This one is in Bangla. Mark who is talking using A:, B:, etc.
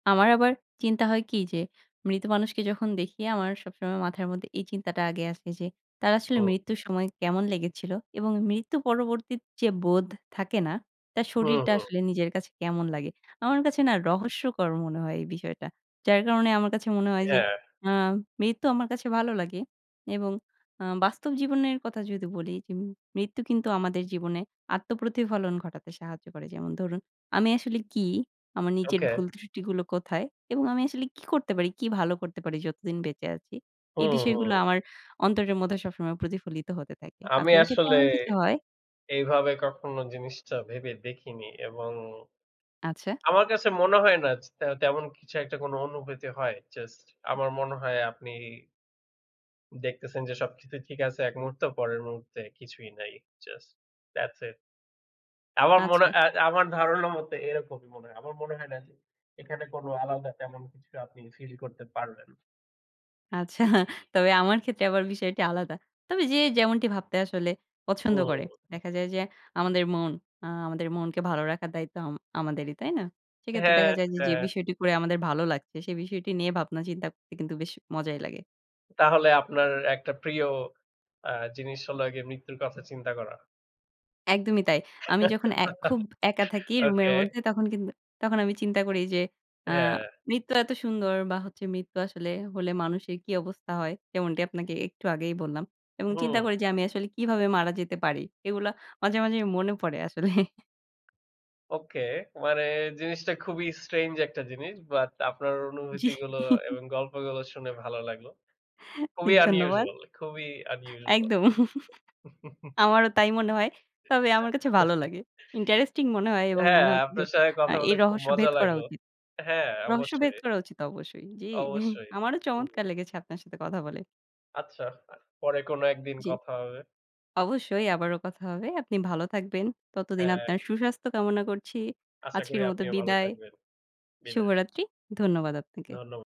A: আমার আবার চিন্তা হয় কি? যে মৃত মানুষকে যখন দেখি আমার সবসময় মাথার মধ্যে এই চিন্তাটা আগে আসে যে, তার আসলে
B: ও।
A: মৃত্যুর সময় কেমন লেগেছিলো? এবং মৃত্যু পরবর্তী যে বোধ থাকে না, তার
B: হুম,
A: শরীরটা
B: হুম।
A: আসলে নিজের কাছে কেমন লাগে? আমার কাছে না রহস্যকর মনে হয় এই বিষয়টা। যার কারণে আমার কাছে মনে হয় যে
B: হ্যাঁ।
A: আ মৃত্যু আমার কাছে ভালো লাগে এবং আ বাস্তব জীবনের কথা যদি বলি যে মৃত্যু কিন্তু আমাদের জীবনে আত্মপ্রতিফলন ঘটাতে সাহায্য করে। যেমন ধরুন আমি আসলে কি, আমার নিজের
B: ওকে।
A: ভুল ত্রুষ্টিগুলো কোথায় এবং আমি আসলে কি করতে পারি, কি ভালো করতে পারি যতদিন বেঁচে আছি, এই
B: হুম,
A: বিষয়গুলো
B: হুম।
A: আমার অন্তরের মধ্যে সবসময় প্রতিফলিত হতে থাকে।
B: আমি
A: আপনার ক্ষেত্রে
B: আসলে
A: এমন কিছু হয়?
B: এইভাবে কখনো জিনিসটা ভেবে দেখিনি। এবং
A: আচ্ছা।
B: আমার কাছে মনে হয় না জ তে তেমন কিছু একটা কোনো অনুভূতি হয়। জাস্ট আমার মনে হয় আপনি দেখতেছেন যে সবকিছুই ঠিক আছে এক মুহূর্তে, পরের মুহূর্তে কিছুই নাই। Just thats it। আমার মনে
A: আচ্ছা।
B: এ এ আমার ধারণা মতে এরকমই মনে হয়। আমার মনে হয় না যে এখানে কোনো আলাদা তেমন কিছু আপনি ফিল করতে পারবেন।
A: আচ্ছা, তবে আমার ক্ষেত্রে আবার বিষয়টি আলাদা। তবে যে যেমনটি ভাবতে আসলে পছন্দ
B: হুম।
A: করে। দেখা যায় যে আমাদের মন আ আমাদের মনকে ভালো রাখার দায়িত্ব আম আমাদেরই, তাই না? সেক্ষেত্রে
B: হ্যাঁ,
A: দেখা যায় যে, যে
B: হ্যাঁ।
A: বিষয়টি করে আমাদের ভালো লাগছে সে বিষয়টি নিয়ে ভাবনা চিন্তা করতে কিন্তু বেশ মজাই লাগে।
B: তাহলে আপনার একটা প্রিয় আ জিনিস হল গিয়ে মৃত্যুর কথা চিন্তা করা?
A: একদমই তাই। আমি যখন এ খুব একা থাকি রুমের
B: ওকে।
A: মধ্যে, তখন কিন্তু তখন আমি চিন্তা করি যে আ
B: হ্যাঁ।
A: মৃত্যু এত সুন্দর বা হচ্ছে মৃত্যু আসলে হলে মানুষের কি অবস্থা হয়। যেমনটি আপনাকে একটু আগেই বললাম। এবং চিন্তা
B: হুম।
A: করি যে আমি আসলে কিভাবে মারা যেতে পারি। এগুলো মাঝে, মাঝে মনে পড়ে আসলে।
B: ওকে। মানে জিনিসটা খুবই strange একটা জিনিস। বাট আপনার
A: জ্বি।
B: অনুভূতিগুলো এবং গল্পগুলো শুনে ভালো লাগলো।
A: ই
B: খুবই
A: ধন্যবাদ।
B: unusual খুবই unusual।
A: একদম। আমারও তাই মনে হয়। তবে আমার কাছে ভালো লাগে। ইন্টারেস্টিং মনে হয় এবং
B: হ্যাঁ,
A: মনে হচ্ছে যে
B: আপনার সঙ্গে
A: আ
B: কথা
A: এই
B: বলে খুব
A: রহস্য
B: মজা
A: ভেদ করা
B: লাগলো।
A: উচিত
B: হ্যাঁ,
A: রহস্যভেদ
B: অবশ্যই।
A: করা উচিত অবশ্যই। জি,
B: অবশ্যই।
A: আমারও
B: হু।
A: চমৎকার লেগেছে আপনার সাথে কথা বলে।
B: আচ্ছা, আ পরে কোনো একদিন
A: জ্বি।
B: কথা হবে।
A: অবশ্যই আবারো কথা হবে। আপনি ভালো থাকবেন। ততদিন
B: হ্যাঁ।
A: আপনার সুস্বাস্থ্য কামনা করছি।
B: আশা করি
A: আজকের মতো
B: আপনিও ভালো
A: বিদায়।
B: থাকবেন। বিদায়।
A: শুভরাত্রি। ধন্যবাদ আপনাকে।
B: ধন্য